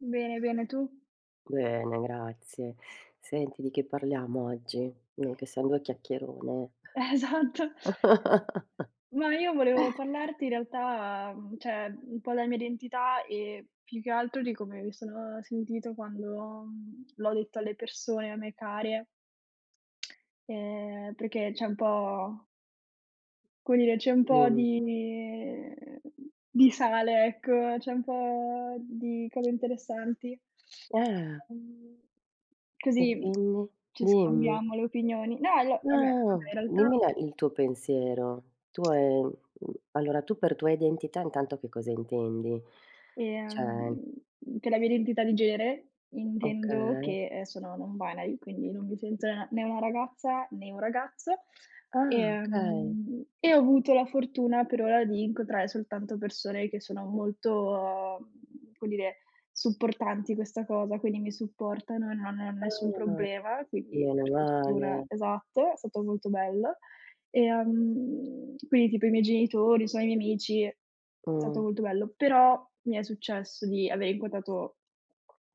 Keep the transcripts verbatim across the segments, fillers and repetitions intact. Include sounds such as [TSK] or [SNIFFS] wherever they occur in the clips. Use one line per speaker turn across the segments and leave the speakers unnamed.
Bene, bene, tu?
Bene, grazie. Senti, di che parliamo oggi? Noi che siamo due chiacchierone.
Esatto.
[CHUCKLES]
Ma io volevo parlarti in realtà, uhm, ceh, un po' della mia identità e più che altro di come mi sono sentito quando, mhmm, l'ho detto alle persone a me care [TSK] ehm, perché c'è un po come dire, c'è un po'
Dimmi.
di, uhm, di sale, ecco, c'è un po' di cose interessanti.
Eh.
Mhmm,
E
così
quindi?
ci
Dimmi.
scambiamo le opinioni. No io vabbè vabbè
Ah!
in realtà
Dimmi la il tuo pensiero. Tu, ehm, mhmm, allora tu per tua identità intanto che cosa intendi?
Ehm,
ceh
per la mia identità di genere intendo
Okay.
che, ehm, sono non-binary, quindi non mi sento n né una ragazza né un ragazzo.
Ah, okay.
Ehm, e ho avuto la fortuna per ora di incontrare soltanto persone che sono molto, mhmm, come dire, supportanti in questa cosa, quindi mi supportano e non hanno nessun
Ah,
problema. Quindi,
meno
per fortuna
male.
esatto, è stato molto bello. Ehm, quindi tipo i miei genitori, so i miei amici è stato
Mh.
molto bello. Però mi è successo di aver incontrato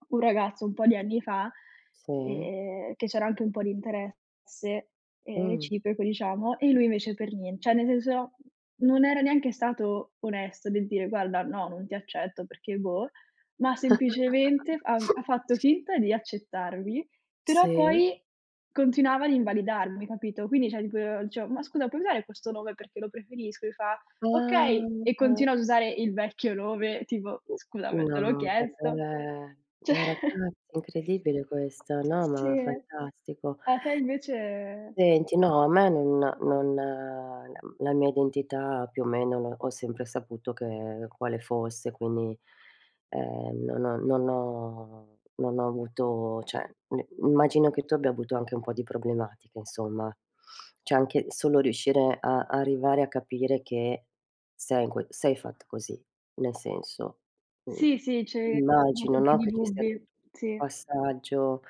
un ragazzo un po' di anni fa,
Sì.
ehm, che c'era anche un po' di interesse, ehm,
Mh.
reciproco, diciamo, e lui invece per nien ceh, nel senso, non era neanche stato onesto del dire: "Guarda, no, non ti accetto perché", boh, ma semplicemente f ha ha fatto
[CHUCKLES]
finta di accettarmi, però
Sì.
poi continuava ad invalidarmi, capito? Quindi, ceh tipo dicevo: "Ma scusa, puoi usare questo nome perché lo preferisco?" Mi fa:
Ah,
"Okay". E
[UNINTELLIGIBLE]
continua ad usare il vecchio nome, tipo: "Scusami, te l'ho
No,
chiesto,
vabbè!
ceh"
Ragazzi,
[CHUCKLES]
è incredibile questo, no,
Sì.
ma fantastico.
A te invece
Senti no, a me non non la m la mia identità più o meno ho sempre saputo che quale fosse, quindi, ehm, non ho non ho non ho avuto ceh n immagino che tu abbia avuto anche un po' di problematiche insomma. [SNIFFS] ceh anche solo riuscire a arrivare a capire che sei in quel sei fatta così, nel senso. Uhm,
Sì, sì, c'avevi comunque
immagino,
un po'
no,
di
che ci sia tutto
dubbi.
un
Sì.
passaggio,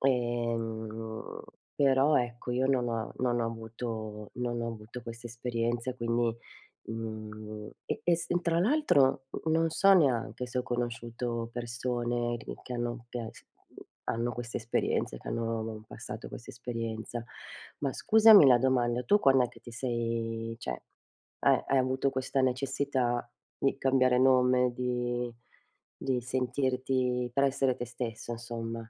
ehm, però ecco io non ho non ho avuto non ho avuto questa esperienza quindi, mhmm, e e s tra l'altro n non so neanche se ho conosciuto persone che che hanno che s hanno questa esperienza, che hanno passato questa esperienza. Ma scusami la domanda, tu quand'è che ti sei ceh hai hai avuto questa necessità di cambiare nome, di di sentirti per essere te stesso insomma?